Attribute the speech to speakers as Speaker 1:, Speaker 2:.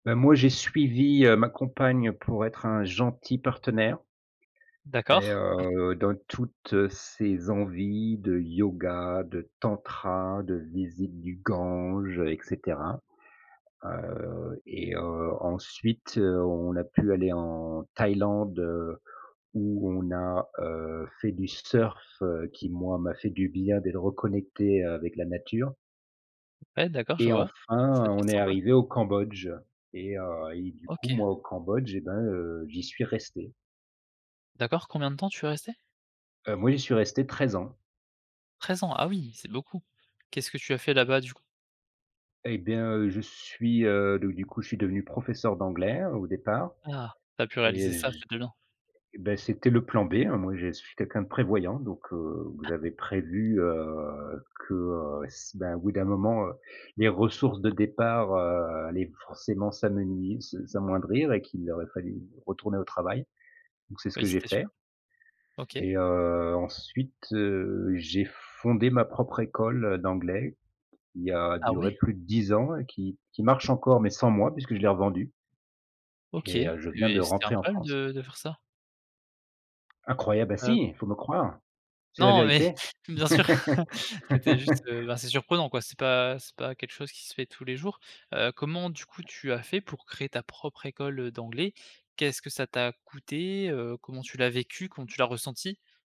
Speaker 1: Beh, moi, j'ai suivi, heu, ma compagne pour être un gentil partenaire et
Speaker 2: D'accord.
Speaker 1: heu, dans toutes ses envies de Yoga, de Tantra, de visite du Gange, heu, et cetera. Heu, et, heu, ensuite, heu, on a pu aller en Thaïlande, heu, où on a, heu, fait du surf, heu, qui, moi, m'a fait du bien, d'être reconnecté, heu, avec la nature.
Speaker 2: Ouais, d'accord, je
Speaker 1: Et
Speaker 2: vois, ça,
Speaker 1: enfin,
Speaker 2: c'est
Speaker 1: on est
Speaker 2: sympa.
Speaker 1: arrivé au Cambodge et heu, et du coup,
Speaker 2: OK.
Speaker 1: moi, au Cambodge et ben, heu, j'y suis resté.
Speaker 2: D'accord, combien de temps tu es resté?
Speaker 1: Heu, moi, j'y suis resté 13 ans.
Speaker 2: 13 ans, ah oui, c'est beaucoup. Qu'est-ce que tu as fait là-bas, du coup?
Speaker 1: Eh bien, heu, je suis, heu, donc, du coup, je suis devenu professeur d'anglais, au départ
Speaker 2: Ah, tu as pu réaliser
Speaker 1: et
Speaker 2: ça,
Speaker 1: j
Speaker 2: c'est. [unintelligible]
Speaker 1: beh, c'était le plan B, hein, moi je suis quelqu'un de prévoyant, donc, heu, j'avais prévu, heu, que, heu, c beh, au bout d'un moment, heu, les ressources de départ, heu, allaient forcément s'amenui s s'amoindrir et qu'il aurait fallu retourner au travail, donc c'est ce
Speaker 2: Oui,
Speaker 1: que j'ai
Speaker 2: c'était
Speaker 1: fait.
Speaker 2: sûr. OK.
Speaker 1: Et heu, ensuite, heu, j'ai fondé ma propre école, heu, d'anglais, qui a
Speaker 2: Ah
Speaker 1: duré
Speaker 2: ouais?
Speaker 1: plus de 10 ans et qui qui marche encore, mais sans moi, puisque je l'ai revendue
Speaker 2: OK,
Speaker 1: et heu, je viens de
Speaker 2: mais c'était un
Speaker 1: rentrer en
Speaker 2: problème
Speaker 1: France.
Speaker 2: de de faire ça?
Speaker 1: Incroyable! Ah
Speaker 2: Heu
Speaker 1: si! Il faut me croire, c'est la
Speaker 2: non mais,
Speaker 1: vérité.
Speaker 2: bien sûr, c'était juste, heu, assez surprenant quoi, c'est pas c'est pas quelque chose qui se fait tous les jours. Heu, comment, du coup, tu as fait pour créer ta propre école, heu, d'anglais? Qu'est-ce que ça t'a coûté, heu? Comment tu l'as vécu? Comment tu l'as ressenti?